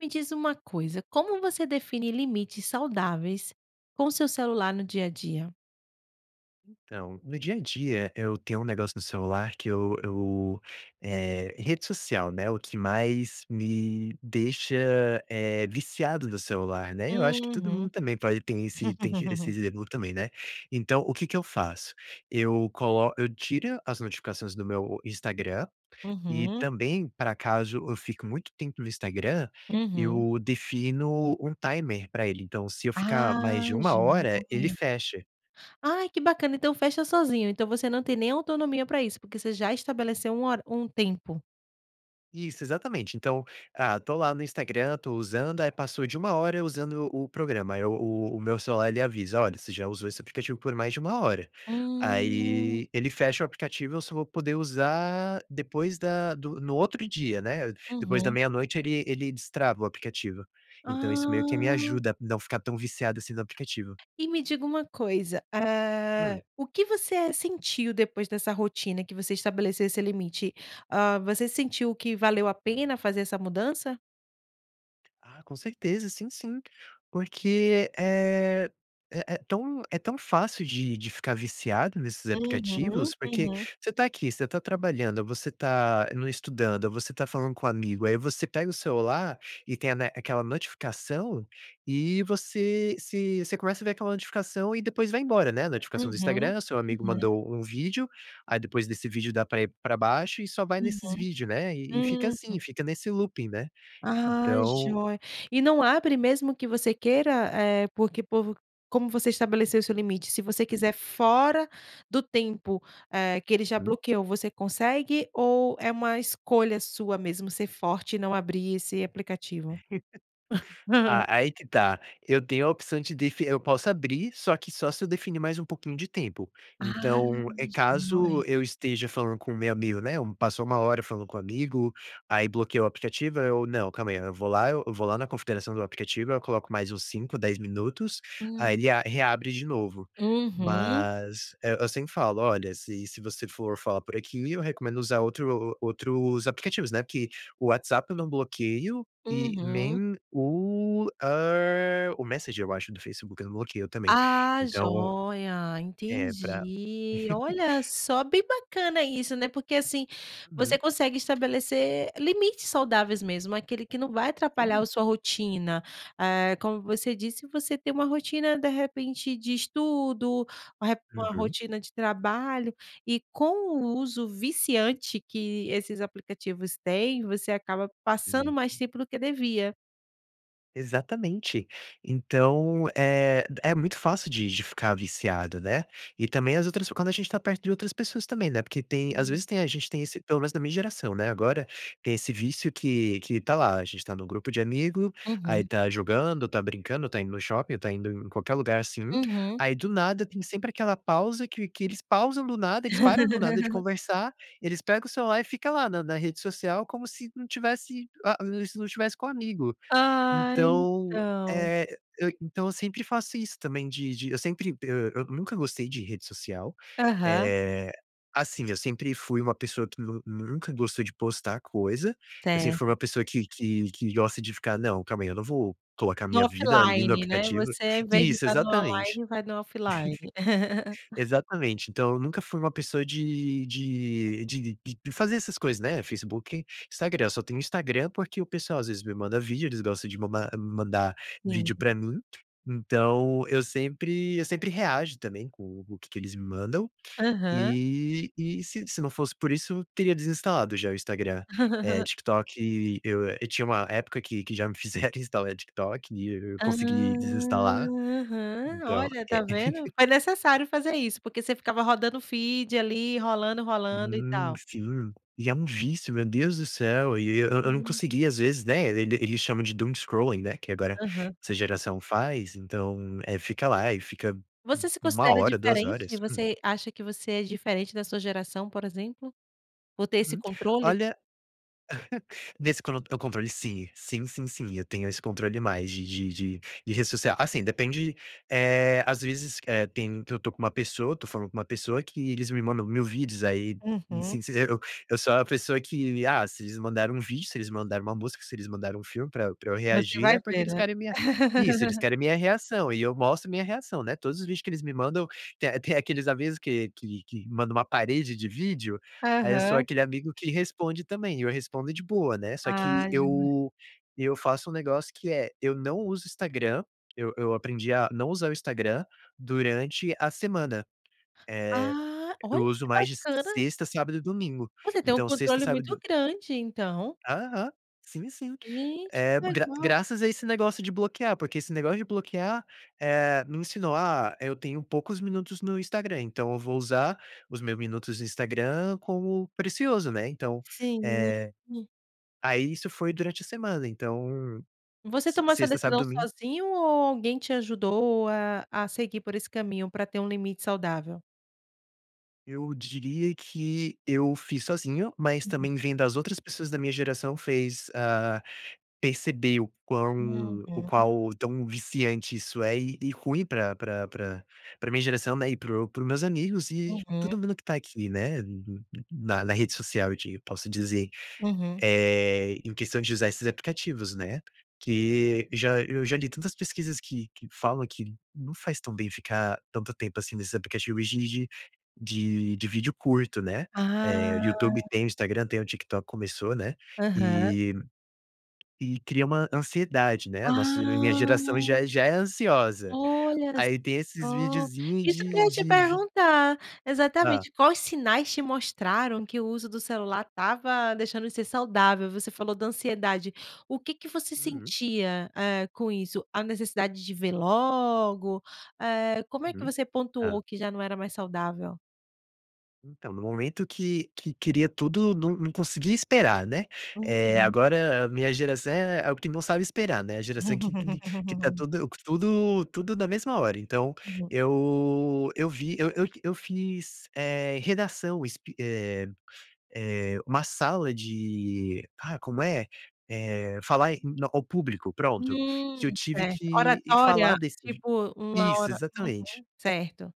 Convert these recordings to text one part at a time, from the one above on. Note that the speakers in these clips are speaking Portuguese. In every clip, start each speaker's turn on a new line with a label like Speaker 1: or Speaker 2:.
Speaker 1: Me diz uma coisa: Como você define limites saudáveis com o seu celular no dia a dia?
Speaker 2: Então, no dia a dia, eu tenho um negócio no celular que eu eu, eh rede social, né, o que mais me deixa, eh, viciado no celular, né? Eu acho que todo mundo
Speaker 1: Uhum.
Speaker 2: também pode tem esse tem esse exemplo também, né. Então o que que eu faço: eu colo eu tira as notificações do meu Instagram e,
Speaker 1: Uhum.
Speaker 2: também para acaso eu fico muito tempo no Instagram,
Speaker 1: Uhum.
Speaker 2: eu defino um timer pra ele. Então se eu ficar mais
Speaker 1: Ah,
Speaker 2: de 1 hora, ele
Speaker 1: joia.
Speaker 2: fecha.
Speaker 1: Ai, que bacana. Então fecha sozinho. Então você não tem nem autonomia para isso, porque você já estabeleceu um hora um tempo.
Speaker 2: Isso, exatamente. Então, ah, tô lá no Instagram, tô usando, aí, passou de 1 hora usando o programa, aí, o o meu celular, ele avisa: "Olha, você já usou esse aplicativo por mais de 1 hora".
Speaker 1: Hum.
Speaker 2: Aí, ele fecha o aplicativo e eu só vou poder usar depois da do no outro dia, né? Depois da
Speaker 1: Uhum.
Speaker 2: 00:00, ele ele destrava o aplicativo. Então isso meio que me
Speaker 1: Ah.
Speaker 2: ajuda a não ficar tão viciado assim no aplicativo.
Speaker 1: E me diga uma coisa: Ah,
Speaker 2: Hum.
Speaker 1: o que você sentiu depois dessa rotina que você estabelece esse limite? Ah, você sentiu que valeu a pena fazer essa mudança?
Speaker 2: Ah, com certeza sim, sim, porque, eh, é é tão é tão fácil de de ficar viciado nesses aplicativos,
Speaker 1: Uhum,
Speaker 2: porque
Speaker 1: uhum.
Speaker 2: você tá aqui, você tá trabalhando, você tá no estudando, você tá falando com o amigo, aí você pega o celular e tem, né, a aquela notificação e você se você começa a ver aquela notificação e depois vai embora, né, a notificação do
Speaker 1: Uhum,
Speaker 2: Instagram, o seu amigo
Speaker 1: uhum.
Speaker 2: mandou um vídeo aí depois desse vídeo, dá pra ir pra baixo e só vai nesses
Speaker 1: Uhum,
Speaker 2: vídeos, né, e e fica assim,
Speaker 1: uhum.
Speaker 2: fica nesse looping, né,
Speaker 1: Ah,
Speaker 2: então
Speaker 1: joia e não abre mesmo que você queira, eh, porque o povo como você estabeleceu o seu limite, se você
Speaker 2: Hum.
Speaker 1: quiser fora do tempo é que ele já
Speaker 2: Hum.
Speaker 1: bloqueou, você consegue ou é uma escolha sua mesmo ser forte e não abrir esse aplicativo?
Speaker 2: Ah, aí que tá, eu tenho a opção de defi eu posso abrir, só que só se eu definir mais um pouquinho de tempo.
Speaker 1: Ah,
Speaker 2: Então é
Speaker 1: gen
Speaker 2: caso
Speaker 1: [unintelligible]
Speaker 2: eu esteja falando com o meu amigo, né, um passou 1 hora falando com um amigo, aí bloquei o aplicativo, aí eu não, calma aí, eu vou lá eu vou lá na configuração do aplicativo, eu coloco mais uns 5, 10 minutos, aí
Speaker 1: Hum.
Speaker 2: ele a reabre de novo,
Speaker 1: Uhum.
Speaker 2: mas, eh, eu sempre falo: "Olha, se se você for falar por aqui, eu recomendo usar outro outros aplicativos." Né, porque o WhatsApp eu não bloqueio e
Speaker 1: Uhum.
Speaker 2: nem o, hã, o Messenger eu acho do Facebook eu não bloqueio também,
Speaker 1: Ah,
Speaker 2: então,
Speaker 1: joia,
Speaker 2: é pra
Speaker 1: entendi. Olha, só bem bacana isso, né, porque, assim, você
Speaker 2: Uhum.
Speaker 1: consegue estabelecer limites saudáveis, mesmo aquele que não vai atrapalhar
Speaker 2: [unintelligible]
Speaker 1: a sua rotina, eh, como você disse, você tem uma rotina de repente de estudo, uma re uma
Speaker 2: Uhum.
Speaker 1: rotina de trabalho e com o uso viciante que esses aplicativos têm, você acaba passando
Speaker 2: Sim.
Speaker 1: mais tempo do que devia.
Speaker 2: Exatamente. Então, eh, é muito fácil de de ficar viciado, né. E também as outras quando a gente está perto de outras pessoas também, né. Porque tem, às
Speaker 1: Hum.
Speaker 2: vezes tem, a gente tem esse pelo menos da minha geração, né. Agora tem esse vício que que tá lá. A gente tá no grupo de amigo, aí
Speaker 1: Uhum.
Speaker 2: tá jogando, tá brincando, tá indo no shopping, tá indo em qualquer lugar, assim,
Speaker 1: Uhum.
Speaker 2: aí do nada, tem sempre aquela pausa que que eles pausam do nada. Eles param do nada de conversar. Eles pegam o celular e fica lá na na rede social, como se não tivesse. Ah, se não tivesse com amigo.
Speaker 1: Ah,
Speaker 2: Então,
Speaker 1: então.
Speaker 2: eh, eu então eu sempre faço isso também de de eu sempre, eh, eu nunca gostei de rede social,
Speaker 1: Aham.
Speaker 2: eh, assim, eu sempre fui uma pessoa que nu nunca gostou de postar coisa, eu sempre fui
Speaker 1: Certo.
Speaker 2: uma pessoa que que que gosta de ficar não, calma aí, eu não vou colocar a
Speaker 1: No
Speaker 2: minha vida ali no
Speaker 1: offline, né?
Speaker 2: aplicativo.
Speaker 1: Você, invés de
Speaker 2: Isso
Speaker 1: tá no
Speaker 2: exatamente.
Speaker 1: online, vai no offline.
Speaker 2: Exatamente, então eu nunca fui uma pessoa de de de de de fazer essas coisas, né. Facebook, Instagram, eu só tenho Instagram, porque o pessoal às vezes me manda vídeo. Eles gostam de ma mandar
Speaker 1: Sim.
Speaker 2: vídeo pra mim, então eu sempre eu sempre reajo também com o que que eles me mandam,
Speaker 1: Aham.
Speaker 2: e e se se não fosse por isso, teria desinstalado já o Instagram, eh, TikTok e eu eu tinha uma época que que já me fizeram instalar TikTok e eu
Speaker 1: Ah.
Speaker 2: consegui desinstalar,
Speaker 1: Aham,
Speaker 2: então
Speaker 1: olha, tá
Speaker 2: é.
Speaker 1: vendo, foi necessário fazer isso, porque você ficava rodando o feed ali rolando, rolando e
Speaker 2: Hum,
Speaker 1: tal.
Speaker 2: sim, e é um vício, meu Deus do céu e eu eu não
Speaker 1: Sim.
Speaker 2: consegui, às vezes, né. E eles chamam de doom scrolling, né. Que agora
Speaker 1: Aham.
Speaker 2: essa geração faz, então é, fica lá e fica
Speaker 1: Você se
Speaker 2: 1
Speaker 1: considera
Speaker 2: hora, 2
Speaker 1: diferente?
Speaker 2: horas.
Speaker 1: Você acha que você é diferente da sua geração, por exemplo, por ter esse
Speaker 2: Uhum.
Speaker 1: controle?
Speaker 2: Olha, nesse con o controle sim, sim, sim, sim, eu tenho esse controle mais de de de de rede social. Assim depende, eh, às vezes, eh, tem que eu tô com uma pessoa, tô falando com uma pessoa que eles me mandam 1.000 vídeos, aí
Speaker 1: Uhum.
Speaker 2: sim eu eu sou a pessoa que, ah, se eles mandaram um vídeo, se eles mandaram uma música, se eles mandaram um filme pra eu pra eu
Speaker 1: Você
Speaker 2: reagir,
Speaker 1: vai
Speaker 2: é porque
Speaker 1: ver,
Speaker 2: eles
Speaker 1: né.
Speaker 2: querem me Isso, eles querem a minha reação e eu mostro a minha reação, né. Todos os vídeos que eles me mandam tem tem aqueles avisos que que que manda uma parede de vídeo, aí eu sou
Speaker 1: Aham.
Speaker 2: aquele amigo que responde também, e eu respondo de boa, né. Só que
Speaker 1: Ah jame
Speaker 2: eu eu faço um negócio que é eu não uso o Instagram, eu eu aprendi a não usar o Instagram durante a semana, eh,
Speaker 1: Ah,
Speaker 2: eu
Speaker 1: olha
Speaker 2: uso
Speaker 1: que
Speaker 2: mais de
Speaker 1: bacana.
Speaker 2: sexta, sábado e domingo,
Speaker 1: Você tem um
Speaker 2: então sexta,
Speaker 1: controle
Speaker 2: sábado,
Speaker 1: muito
Speaker 2: do
Speaker 1: grande, então.
Speaker 2: Aham, sim, sim,
Speaker 1: Gente
Speaker 2: eh,
Speaker 1: que
Speaker 2: gra
Speaker 1: legal.
Speaker 2: graças a esse negócio de bloquear, porque esse negócio de bloquear, eh, me ensinou, ah, eu tenho poucos minutos no Instagram, então eu vou usar os meus minutos no Instagram como precioso, né. Então
Speaker 1: Sim.
Speaker 2: eh.
Speaker 1: [unintelligible]
Speaker 2: Aí isso foi durante a semana, então
Speaker 1: Você
Speaker 2: se
Speaker 1: tomou essa
Speaker 2: sexta, sábado,
Speaker 1: decisão
Speaker 2: domingo.
Speaker 1: sozinho? Ou alguém te ajudou a a seguir por esse caminho para ter um limite saudável?
Speaker 2: Eu diria que eu fiz sozinho, mas
Speaker 1: Uhum.
Speaker 2: também vem das outras pessoas da minha geração, fez ah, perceber o quão o
Speaker 1: Uhum.
Speaker 2: qual tão viciante isso é, e e ruim pra pra pra pra minha geração, né, e para o para os meus amigos e
Speaker 1: Uhum.
Speaker 2: todo mundo que tá aqui, né, no no na na rede social eu di posso dizer,
Speaker 1: Uhum.
Speaker 2: eh, em questão de usar esses aplicativos, né, que já eu já li tantas pesquisas que que falam que não faz tão bem ficar tanto tempo, assim, nesses aplicativos e de de de de vídeo curto, né, eh, YouTube
Speaker 1: Ah.
Speaker 2: tem o Instagram, tem o TikTok começou, né,
Speaker 1: Aham.
Speaker 2: e e cria uma ansiedade, né. Nossa minha geração já
Speaker 1: Ah.
Speaker 2: é já é ansiosa,
Speaker 1: Olha só
Speaker 2: aí tem esses videozinhos
Speaker 1: isso que eu ia
Speaker 2: de
Speaker 1: te
Speaker 2: de vi
Speaker 1: perguntar,
Speaker 2: Hã.
Speaker 1: exatamente, quais sinais te mostraram que o uso do celular estava deixando de ser saudável? Você falou da ansiedade, o que que você
Speaker 2: Uhum.
Speaker 1: sentia, eh, com isso? A necessidade de ver logo, eh, como é que
Speaker 2: Uhum,
Speaker 1: você
Speaker 2: hã.
Speaker 1: pontuou que já não era mais saudável?
Speaker 2: Então, no momento que que queria tudo, não não consegui esperar, né. Eh,
Speaker 1: Uhum.
Speaker 2: agora a minha geração é quem não sabe esperar, né. A geração que que que que tá tudo tudo tudo na mesma hora, então
Speaker 1: Uhum.
Speaker 2: eu eu vi eu eu eu fiz, eh, redação es eh eh, uma sala de ah, como é? Eh, falar em ao público, pronto, que eu
Speaker 1: Hum,
Speaker 2: tive
Speaker 1: certo,
Speaker 2: que falar
Speaker 1: oratória
Speaker 2: desse
Speaker 1: tipo uma
Speaker 2: isso
Speaker 1: ora
Speaker 2: exatamente.
Speaker 1: uhum, certo.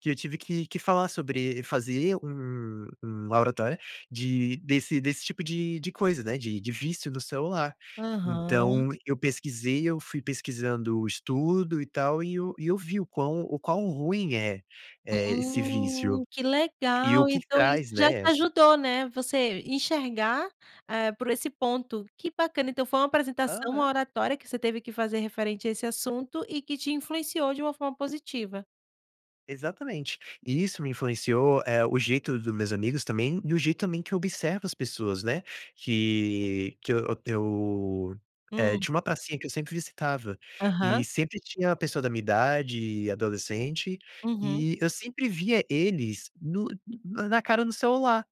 Speaker 2: Que eu tive que que falar sobre fazer um um oratória de desse desse tipo de de coisa, né. De de vício no celular.
Speaker 1: Aham.
Speaker 2: Então eu pesquisei, eu fui pesquisando o estudo, e tal, eh, eu e eu vi o quão o quão ruim é, eh, esse
Speaker 1: Hum,
Speaker 2: vício
Speaker 1: que
Speaker 2: e o
Speaker 1: legal.
Speaker 2: que que
Speaker 1: Então isso
Speaker 2: traz,
Speaker 1: já te
Speaker 2: né as
Speaker 1: ajudou, né. Você enxergar é por esse ponto que bacana. Então foi uma apresentação, uma
Speaker 2: Aham.
Speaker 1: oratória que você teve que fazer referente a esse assunto e que te influenciou de uma forma positiva.
Speaker 2: Exatamente, e isso me influenciou, eh, o jeito dos meus amigos também, e o jeito também que eu observo as pessoas, né, que que eu eu, eh,
Speaker 1: Hum.
Speaker 2: tinha uma pracinha que eu sempre visitava e
Speaker 1: Aham.
Speaker 2: sempre tinha uma pessoa da minha idade, eh, adolescente,
Speaker 1: Uhum.
Speaker 2: e eu sempre via eles no na cara no celular.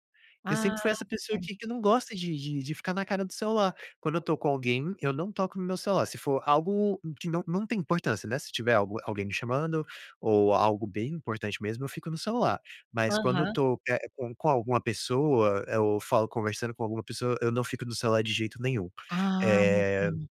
Speaker 2: Eu sempre foi
Speaker 1: Ah,
Speaker 2: essa pessoa
Speaker 1: certo.
Speaker 2: que que não gosta de de de ficar na cara do celular. Quando eu tô com alguém, eu não toco no meu celular, se for algo que não não tem importância, né, se tiver algu alguém me chamando ou algo bem importante mesmo, eu fico no celular, mas quando eu
Speaker 1: Aham.
Speaker 2: tô, eh, com com alguma pessoa, eu falo conversando com alguma pessoa, eu não fico no celular de jeito nenhum,
Speaker 1: Ah,
Speaker 2: eh,
Speaker 1: ok.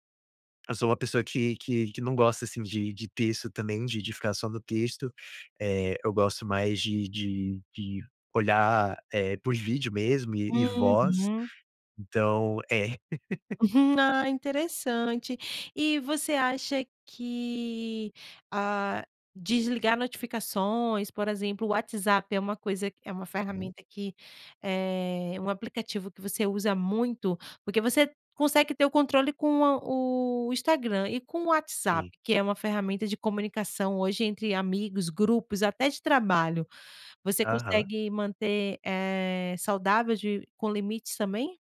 Speaker 2: eu sou uma pessoa que que que não gosta, assim, de de texto também de de ficar só no texto, eh, eu gosto mais de de de olhar, é por vídeo mesmo e e voz,
Speaker 1: Uhum.
Speaker 2: então é.
Speaker 1: Ah, interessante e você acha que, hã, desligar notificações, por exemplo, o WhatsApp é uma coisa que é uma
Speaker 2: Uhum.
Speaker 1: ferramenta que é um aplicativo que você usa muito? Porque você consegue ter o controle com o o Instagram e com o WhatsApp,
Speaker 2: Sim.
Speaker 1: que é uma ferramenta de comunicação hoje entre amigos, grupos, até de trabalho, você
Speaker 2: Aham.
Speaker 1: consegue manter, eh, saudável de com limites também?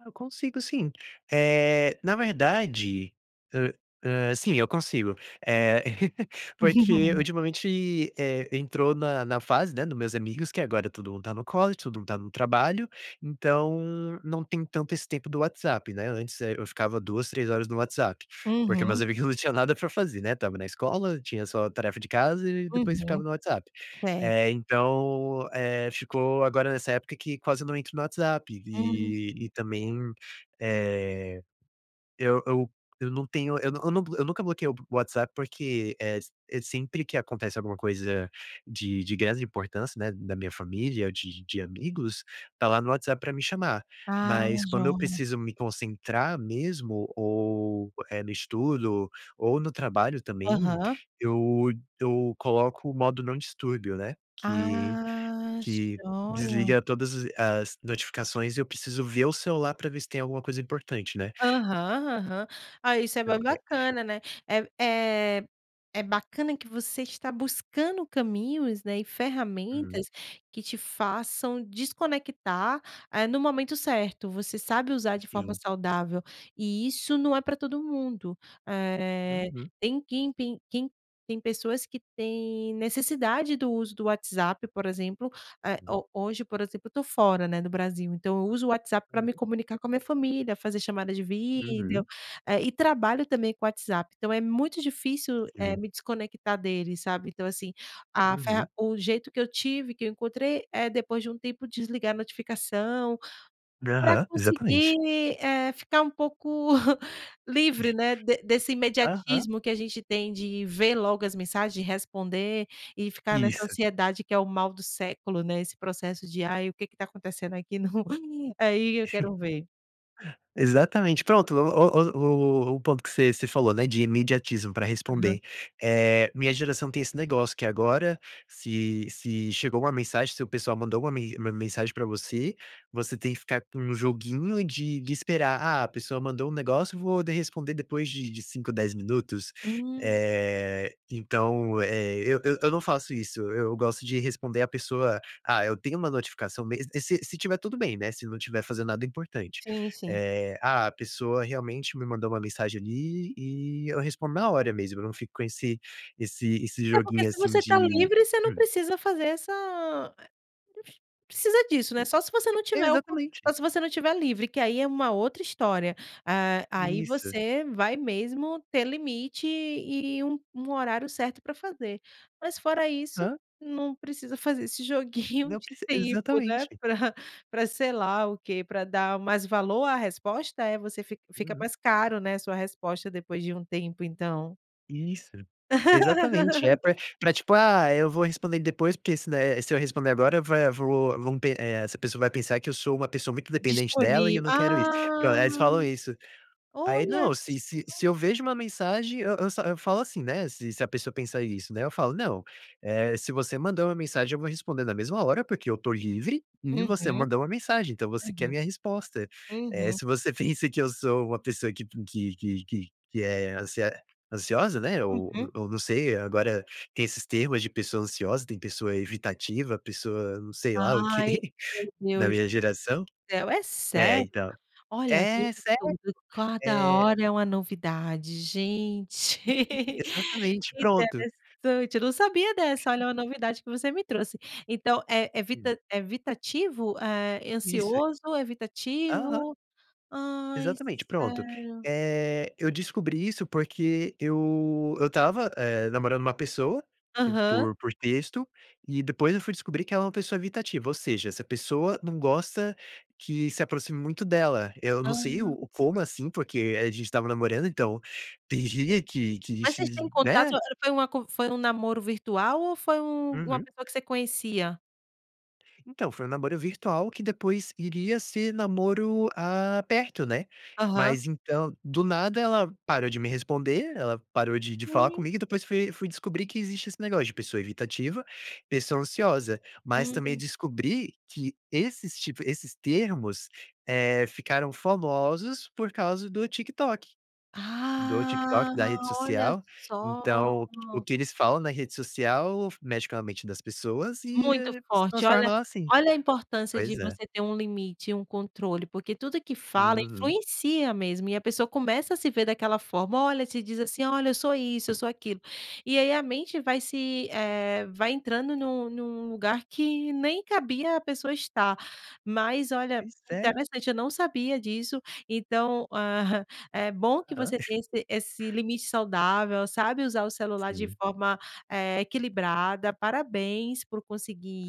Speaker 2: Ah, eu consigo sim, eh, na verdade, ah ah, sim, eu consigo, eh, porque ultimamente, eh, entrou na na fase, né, nos meus amigos que agora todo mundo tá no college, todo mundo tá no trabalho, então não tem tanto esse tempo do WhatsApp, né, antes, eh, eu ficava 2, 3 horas no WhatsApp, porque meus
Speaker 1: Uhum.
Speaker 2: amigos não tinha nada pra fazer, né, estava na escola, tinha só tarefa de casa e depois ficava
Speaker 1: Uhum,
Speaker 2: no WhatsApp.
Speaker 1: certo.
Speaker 2: Eh, então, eh, ficou agora nessa época que quase não entro no WhatsApp,
Speaker 1: Hum.
Speaker 2: eh, e também, eh, eu eu eu não tenho, eu não eu não, eu nunca bloqueio o WhatsApp, porque, eh, s eh, sempre que acontece alguma coisa de de grande importância, né, na minha família, de de amigos, tá lá no WhatsApp pra me chamar,
Speaker 1: Ah,
Speaker 2: mas quando eu
Speaker 1: jóia.
Speaker 2: preciso me concentrar mesmo ou, eh, no estudo ou no trabalho também
Speaker 1: Aham.
Speaker 2: eu d eu coloco o modo não distúrbio, né, que
Speaker 1: Ah,
Speaker 2: que
Speaker 1: jóia!
Speaker 2: desliga todas as as notificações e eu preciso ver o celular pra ver se tem alguma coisa importante, né?
Speaker 1: Aham aham. Ah, isso é
Speaker 2: Não,
Speaker 1: bem
Speaker 2: é.
Speaker 1: bacana, né, eh eh, é bacana que você está buscando caminhos, né, e
Speaker 2: Uhum.
Speaker 1: ferramentas que te façam desconectar, eh, no momento certo, você sabe usar de forma
Speaker 2: Sim.
Speaker 1: saudável e isso não é pra todo mundo, eh,
Speaker 2: Uhum.
Speaker 1: tem quem tem quem tem pessoas que têm necessidade do uso do WhatsApp, por exemplo, eh, ho hoje, por exemplo, eu tô fora, né, do Brasil, então eu uso o WhatsApp pra me
Speaker 2: Uhum.
Speaker 1: comunicar com a minha família, fazer chamadas de vídeo,
Speaker 2: Uhum.
Speaker 1: eh, e trabalho também com o WhatsApp, então é muito difícil, eh,
Speaker 2: Sim.
Speaker 1: me desconectar dele, sabe? Então, assim, a ferra
Speaker 2: Uhum.
Speaker 1: o jeito que eu tive, que eu encontrei, é depois de um tempo desligar a notificação,
Speaker 2: N
Speaker 1: pra
Speaker 2: aham, exatamente.
Speaker 1: conseguir, eh, ficar um pouco livre, né, de desse
Speaker 2: Aham.
Speaker 1: imediatismo que a gente tem de ver logo as mensagens, de responder e ficar nessa
Speaker 2: Isso.
Speaker 1: ansiedade, que é o mal do século, né, esse processo de: "Aí, o que que tá acontecendo aqui no?". [unintelligible] Aí, eu quero ver.
Speaker 2: Exatamente pronto, o o o o o ponto que você você falou, né, de imediatismo pra
Speaker 1: Aham.
Speaker 2: responder eh, minha geração tem esse negócio que agora se se chegou 1 mensagem, se o pessoal mandou uma me uma mensagem pra você, você tem que ficar com um joguinho de de esperar: "Ah, a pessoa mandou um negócio vou de responder depois de de 5, 10 minutos,",
Speaker 1: Hum.
Speaker 2: eh, então, eh, eu eu eu não faço isso, eu gosto de responder a pessoa: "Ah, eu tenho uma notificação mes", eh, se se estiver tudo bem, né, se não estiver fazendo nada importante.
Speaker 1: Sim, sim.
Speaker 2: Eh, ah, a pessoa realmente me mandou uma mensagem ali e eu respondo na hora mesmo, eu não fico com esse esse esse
Speaker 1: É porque
Speaker 2: joguinho
Speaker 1: se
Speaker 2: assim
Speaker 1: você tá
Speaker 2: de
Speaker 1: livre você não
Speaker 2: hum.
Speaker 1: precisa fazer essa, eh, [unintelligible] precisa disso, né, só se você não tiver o co
Speaker 2: Exatamente.
Speaker 1: só se você não tiver livre, que aí é uma outra história, ah, aí
Speaker 2: Isso.
Speaker 1: você vai mesmo ter limite e um um horário certo pra fazer, mas fora isso,
Speaker 2: Hã.
Speaker 1: não precisa fazer esse joguinho
Speaker 2: Não
Speaker 1: de
Speaker 2: preci
Speaker 1: tempo, né,
Speaker 2: exatamente.
Speaker 1: pra pra sei lá o quê pra dar mais valor à resposta, é? Você fica fica
Speaker 2: Uhum.
Speaker 1: mais caro, né, sua resposta depois de um tempo, então.
Speaker 2: Isso exatamente é pra pra, tipo, ah, eu vou responder depois, porque se não eh, se eu responder agora vai vou v eh, essa pessoa vai pensar que eu sou uma pessoa muito dependente dela e
Speaker 1: Disponí
Speaker 2: eu não quero isso, pron
Speaker 1: ah,
Speaker 2: aí eles falam isso. Aí
Speaker 1: olha
Speaker 2: não, se se
Speaker 1: só.
Speaker 2: se eu vejo uma mensagem, eu eu eu falo assim, né, se se a pessoa pensar isso, né, eu falo não, eh, se você mandou uma mensagem, eu vou responder na mesma hora, porque eu tô livre e você
Speaker 1: Uhum.
Speaker 2: mandou uma mensagem, então você quer
Speaker 1: Uhum.
Speaker 2: minha resposta, eh,
Speaker 1: Uhum.
Speaker 2: se você pensa que eu sou uma pessoa que que que que que é ansia ansiosa, né, ou
Speaker 1: Uhum.
Speaker 2: ou não sei agora tem esses termos de pessoa ansiosa, tem pessoa evitativa, pessoa não sei lá, o
Speaker 1: Ai,
Speaker 2: que
Speaker 1: meu
Speaker 2: da
Speaker 1: Deus
Speaker 2: minha
Speaker 1: do
Speaker 2: geração,
Speaker 1: céu é
Speaker 2: é
Speaker 1: sério?
Speaker 2: então
Speaker 1: Olha,
Speaker 2: é sério,
Speaker 1: tudo cada
Speaker 2: eh.
Speaker 1: hora é uma novidade, gente.
Speaker 2: Exatamente pronto.
Speaker 1: Interessante, eu não sabia dessa, olha uma novidade que você me trouxe, então é
Speaker 2: Hum.
Speaker 1: evita é evitativo, é
Speaker 2: Isso.
Speaker 1: ansioso,
Speaker 2: Aham.
Speaker 1: evitativo, ai
Speaker 2: Exatamente, pronto,
Speaker 1: sério.
Speaker 2: eh, eu descobri isso porque eu eu estava, eh, namorando uma pessoa
Speaker 1: Aham.
Speaker 2: por por texto e depois eu fui descobrir que ela é uma pessoa evitativa, ou seja, essa pessoa não gosta que se aproxime muito dela. Eu não sei
Speaker 1: Ah.
Speaker 2: o como, assim, porque a gente estava namorando, então tem dia que que
Speaker 1: Mas vocês
Speaker 2: que,
Speaker 1: têm contato
Speaker 2: né.
Speaker 1: foi uma con foi um namoro virtual ou foi um uma
Speaker 2: Uhum.
Speaker 1: pessoa que você conhecia.
Speaker 2: Então, foi um namoro virtual que depois iria ser namoro, ah, perto, né.
Speaker 1: Aham.
Speaker 2: Mas então, do nada ela parou de me responder, ela parou de de falar comigo e depois fui fui descobrir que existe esse negócio, de pessoa evitativa, pessoa ansiosa. Mas também
Speaker 1: Hum.
Speaker 2: descobri que esses tipo esses termos, eh, ficaram famosos por causa do TikTok. Do TikTok, da rede
Speaker 1: Ah, olha
Speaker 2: social.
Speaker 1: só.
Speaker 2: Então, o que eles falam na rede social mexe com a mente das pessoas e
Speaker 1: Muito
Speaker 2: se
Speaker 1: forte,
Speaker 2: transforma
Speaker 1: olha.
Speaker 2: ela assim.
Speaker 1: Olha a importância de
Speaker 2: Pois é.
Speaker 1: você ter um limite e um controle, porque tudo que fala
Speaker 2: Uhum.
Speaker 1: influencia mesmo, e a pessoa começa a se ver daquela forma. Olha, se diz assim: "Olha, eu sou isso, eu sou aquilo". E aí a mente vai se, eh, vai entrando num num lugar que nem cabia a pessoa estar. Mas olha,
Speaker 2: Pois é.
Speaker 1: interessante, eu não sabia disso. Então, é bom que
Speaker 2: Aham.
Speaker 1: você tenha esse esse limite saudável, sabe usar o celular de
Speaker 2: Sim.
Speaker 1: forma, eh, equilibrada. Parabéns por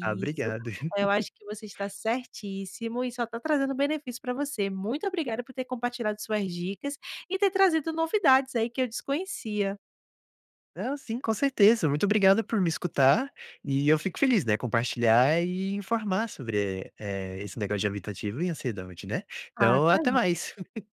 Speaker 2: Ah,
Speaker 1: isso.
Speaker 2: obrigado.
Speaker 1: Eu acho que você está certíssimo e só tá trazendo benefício para você. Muito obrigada por ter compartilhado suas dicas e ter trazido novidades, aí, que eu desconhecia.
Speaker 2: Ah, sim, com certeza. Muito obrigado por me escutar e eu fico feliz, né, compartilhar e informar sobre, eh eh, esse negócio de evitativo e ansiedade, né?
Speaker 1: Ah,
Speaker 2: Então,
Speaker 1: tá
Speaker 2: até
Speaker 1: bom.
Speaker 2: mais.